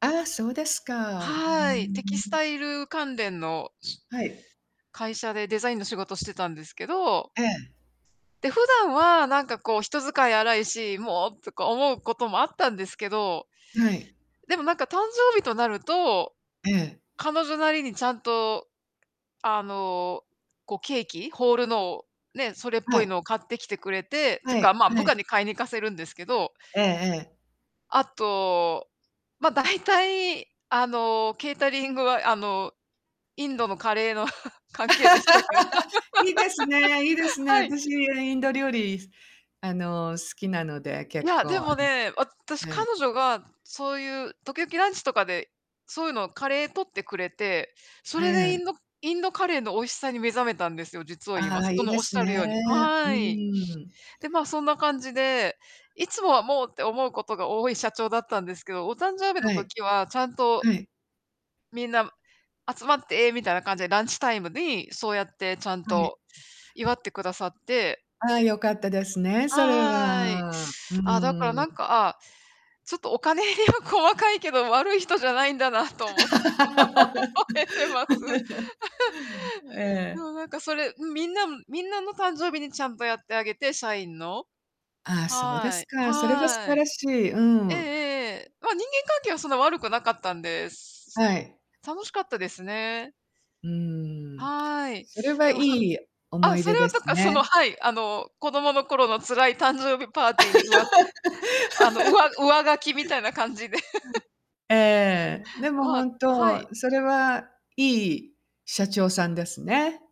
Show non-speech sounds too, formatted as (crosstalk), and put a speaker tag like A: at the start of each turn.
A: ああ、そうですか。うー
B: はい、テキス
A: ん。
B: タイル関連のし
A: はい。
B: 会社でデザインの仕事してたんですけど
A: ええ。
B: で、普段はなんかこう人使い荒いし、もう、とか思うこともあったんですけど
A: はい。
B: でもなんか誕生日となると、
A: ええ。
B: 彼女なりにちゃんと、あの、こうケーキ、ホールのを、ねえ、それっ
A: は
B: ぽい
A: い。
B: のを買ってきてくれて、ていう
A: は
B: か、
A: い
B: まあ、部
A: はい。
B: 下に買いに行かせるんですけど
A: ええええ。
B: あと、まあ、大体、あの、ケータリングは、あの、インド
A: え。
B: のカレーの (chuckles) 関係でしたけど。
A: (laughs) いいですねいいで
B: (laughs)
A: すね。
B: はい。
A: 私インド料理あの、好きなので、
B: い
A: 結
B: や、
A: 構
B: で
A: あ
B: もね、私、
A: のは
B: 彼
A: い。
B: 女がそういう、時々ランチとかで、そういうのカレー取ってくれて、それ
A: え
B: でイ
A: え。
B: ンドインドカレーの美味しさに目覚めたんですよ、実を言い
A: あ
B: ま
A: あ、
B: す。
A: い
B: そ
A: い
B: の
A: で
B: おっ
A: す
B: しゃ
A: ね。
B: るように、
A: う
B: はい。
A: ん。
B: で、まあ、そんな感じで、いつもはもうって思うことが多い社長だったんですけど、お誕生日の
A: はい。
B: 時はちゃんと
A: はい。
B: みんな、集まってみたいな感じでランチタイムにそうやってちゃん
A: はい。
B: と祝ってくださって。
A: ああ、よかったですね、それ
B: はい。
A: は。うー
B: ああ、だから
A: ん。
B: なんか、ああ、ちょっとお金入りは細かいけど、悪い人じゃないんだなと思って覚えてます。(laughs)
A: (laughs)
B: で
A: ええ。
B: もなんかそれ、ん、みんなみんなの誕生日にちゃんとやってあげて、社員の。
A: ああ、そうで
B: は
A: す
B: い。
A: か。それは素
B: は
A: 晴
B: い。
A: らしい。う
B: ええええ
A: ん。
B: ええ。まあ人間関係はそんな悪くなかったんです。
A: はい。
B: 楽しかったですね。
A: うーん。
B: はい。
A: それは
B: で
A: い
B: もさ
A: い思
B: あ、
A: い
B: そ
A: 出
B: れは
A: で
B: と
A: す
B: か、その、
A: ね。
B: はい、あの、子供の頃の辛い誕生日パーティーに、うわあの、うわ
A: (laughs)
B: 上書きみたいな感じで。(laughs)
A: (unintelligible) ええ、でも
B: まあ
A: 本
B: はい。
A: 当、それはいい社長さんですね。